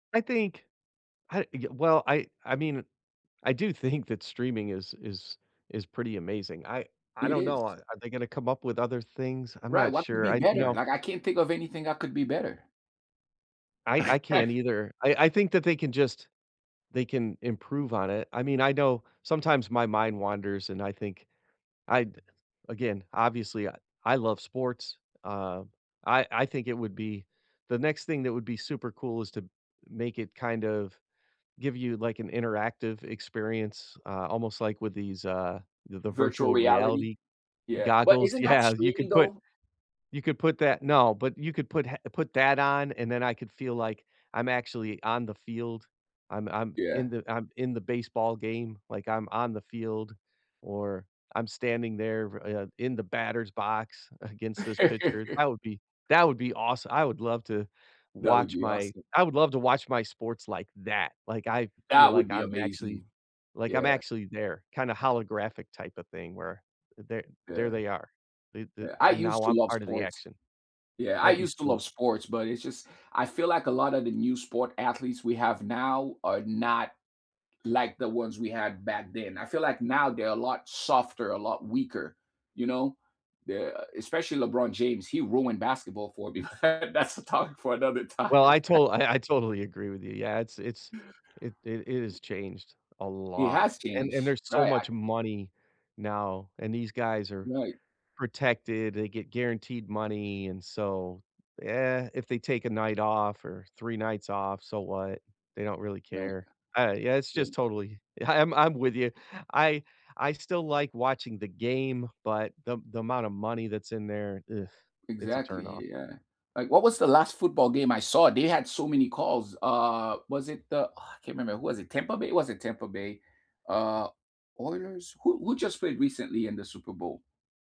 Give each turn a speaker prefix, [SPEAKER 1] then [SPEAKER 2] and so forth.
[SPEAKER 1] I think I y well, I I mean, I do think that streaming is is is pretty amazing, I I
[SPEAKER 2] It
[SPEAKER 1] don't know, a
[SPEAKER 2] is.
[SPEAKER 1] are they gonna come up with other things? I'm
[SPEAKER 2] Right,
[SPEAKER 1] not
[SPEAKER 2] what could
[SPEAKER 1] sure,
[SPEAKER 2] be
[SPEAKER 1] I you
[SPEAKER 2] better?
[SPEAKER 1] know
[SPEAKER 2] Like, I can't think of anything that could be better.
[SPEAKER 1] I I can't either, I I think that they can just they can improve on it. I mean, I know sometimes my mind wanders, and I think I'd again, obviously, I love sports, uh, I I think it would be the next thing that would be super cool is to make it kind of give you, like, an interactive experience, uh, almost like with these, uh, th the
[SPEAKER 2] Virtual
[SPEAKER 1] virtual
[SPEAKER 2] reality?
[SPEAKER 1] reality
[SPEAKER 2] Yeah, but
[SPEAKER 1] goggles
[SPEAKER 2] isn't that
[SPEAKER 1] Yeah you
[SPEAKER 2] streaming,
[SPEAKER 1] could put
[SPEAKER 2] though?
[SPEAKER 1] you could put that No, but you could put ha put that on, and then I could feel like I'm actually on the field. I'm I'm
[SPEAKER 2] Yeah.
[SPEAKER 1] in the I'm in the baseball game, like, I'm on the field, or I'm standing there, uh, in the batter's box against this pitcher that would be that would be aweso I would love to
[SPEAKER 2] That would
[SPEAKER 1] watch
[SPEAKER 2] be
[SPEAKER 1] my
[SPEAKER 2] awesome.
[SPEAKER 1] I would love to watch my sports like that, like, I feel
[SPEAKER 2] That would
[SPEAKER 1] like
[SPEAKER 2] be
[SPEAKER 1] I'm actually
[SPEAKER 2] amazing.
[SPEAKER 1] like, I'm
[SPEAKER 2] Yeah.
[SPEAKER 1] actually there, kinda holographic type of thing where there there
[SPEAKER 2] Yeah.
[SPEAKER 1] they are. Th th
[SPEAKER 2] Yeah, I
[SPEAKER 1] And
[SPEAKER 2] used
[SPEAKER 1] now
[SPEAKER 2] to
[SPEAKER 1] I'm
[SPEAKER 2] love
[SPEAKER 1] part of the
[SPEAKER 2] sports.
[SPEAKER 1] action.
[SPEAKER 2] Yeah, I
[SPEAKER 1] That'd be
[SPEAKER 2] used to love
[SPEAKER 1] sweet.
[SPEAKER 2] sports, but it's just I feel like a lot of the new sport athletes we have now are not like the ones we had back then, I feel like now they're a lot softer, a lot weaker, you know? Yeah, especially LeBron James, he ruined basketball for me. That's a topic for another time.
[SPEAKER 1] Well, I to I I totally agree with you. Yeah, it's it's it it it has changed a
[SPEAKER 2] He
[SPEAKER 1] lot,
[SPEAKER 2] has
[SPEAKER 1] and and
[SPEAKER 2] changed.
[SPEAKER 1] there's so
[SPEAKER 2] Right I
[SPEAKER 1] much money now, and these guys are
[SPEAKER 2] Right.
[SPEAKER 1] protected, they get guaranteed money and so, yeah, if they take a night off or 3 nights off, so what? They don't really
[SPEAKER 2] Right.
[SPEAKER 1] care. I Yeah, it's
[SPEAKER 2] Right.
[SPEAKER 1] just totally ye I'm I'm with you, I I still like watching the game, but the the amount of money that's in there, ugh, it's a
[SPEAKER 2] Exactly,
[SPEAKER 1] turnoff.
[SPEAKER 2] y y yeah, like, what was the last football game I saw? They had so many calls uh, was it the, ah, I can't remember. Who was it? Tampa Bay? It wasn't Tampa Bay. Uh, Oilers? Who who just played recently in the Super Bowl?